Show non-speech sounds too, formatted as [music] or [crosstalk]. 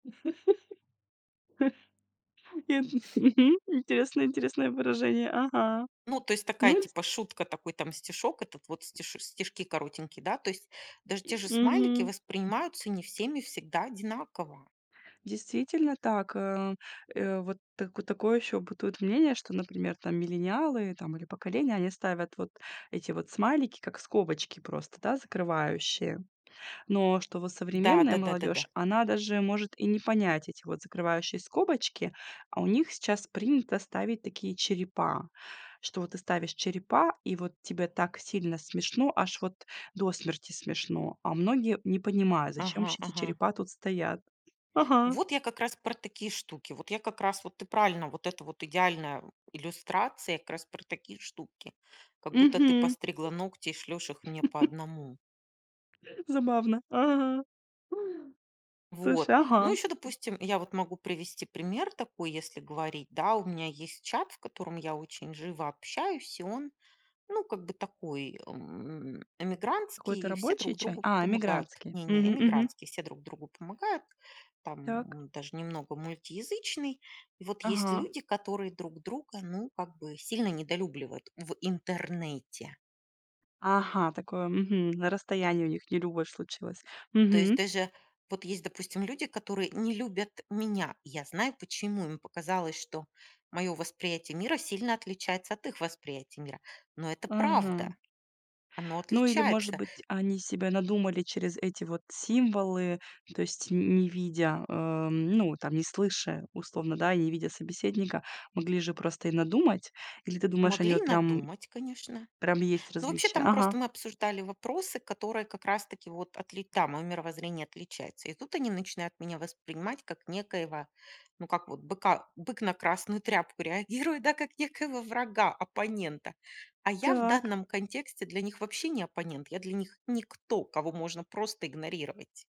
[laughs] Ин мгм. Интересное интересное выражение. Ага. Ну, то есть такая Ну, ц типа шутка, такой там стишок, это вот стиш стишки коротенькие, да. То есть даже те же смайлики Мгм. воспринимаются не всеми всегда одинаково. Действительно так. Э, э, вот так такое ещё бытует мнение, что, например, там миллениалы там или поколения, они ставят вот эти вот смайлики, как скобочки просто, да, закрывающие. Но что вот Да, современная да-да-да да. молодежь, она даже может и не понять эти вот закрывающие скобочки, а у них сейчас принято ставить такие черепа. Что вот ты ставишь черепа, и вот тебе так сильно смешно, аж вот до смерти смешно, а многие не понимают, зачем Ага вообще эти ага. черепа тут стоят. Ага. Вот я как раз про такие штуки. Вот я как раз, вот ты правильно, вот это вот идеальная, м, иллюстрация как раз про такие штуки. Как будто ты Мгм. постригла ногти и шлешь их мне по [chuckles] одному. Забавно. Ага. Слушай, Вот. Ну ага. ещё, допустим, я вот могу привести пример такой, если говорить, да. У меня есть чат, в котором я очень живо общаюсь, и он, ну как бы такой, эм, Какой-то эмигрантский, и все рабочий друг чат? другу А, помогают. эмигрантский. Не, не, Мгм, мгм. эмигрантский. Все друг другу помогают. Так. Там даже немного мультиязычный. И вот есть Ага. люди, которые друг друга, ну, как бы сильно недолюбливают в Интернете. Ага, такое, мгм, на расстоянии у них нелюбовь случилась. То есть Мгм. даже вот есть, допустим, люди, которые не любят меня. Я знаю, почему им показалось, что моё восприятие мира сильно отличается от их восприятия мира. Но это Ага. правда. Оно Ну или может отличается. быть, они себе надумали через эти вот символы, то есть н не видя, э, м, ну, там не слыша условно, да, и не видя собеседника, могли же просто и надумать. Или ты думаешь, они Могли вот прям надумать, конечно. прям есть Но вообще, различия? там Ага. просто мы обсуждали вопросы, которые как раз-таки вот отли там моё мировоззрение отличается. И тут они начинают меня воспринимать как некоего, ну, как вот быка бык на красную тряпку реагирует, да. Как некоего врага, оппонента. А я в Так. данном контексте для них вообще не оппонент. Я для них никто, кого можно просто игнорировать.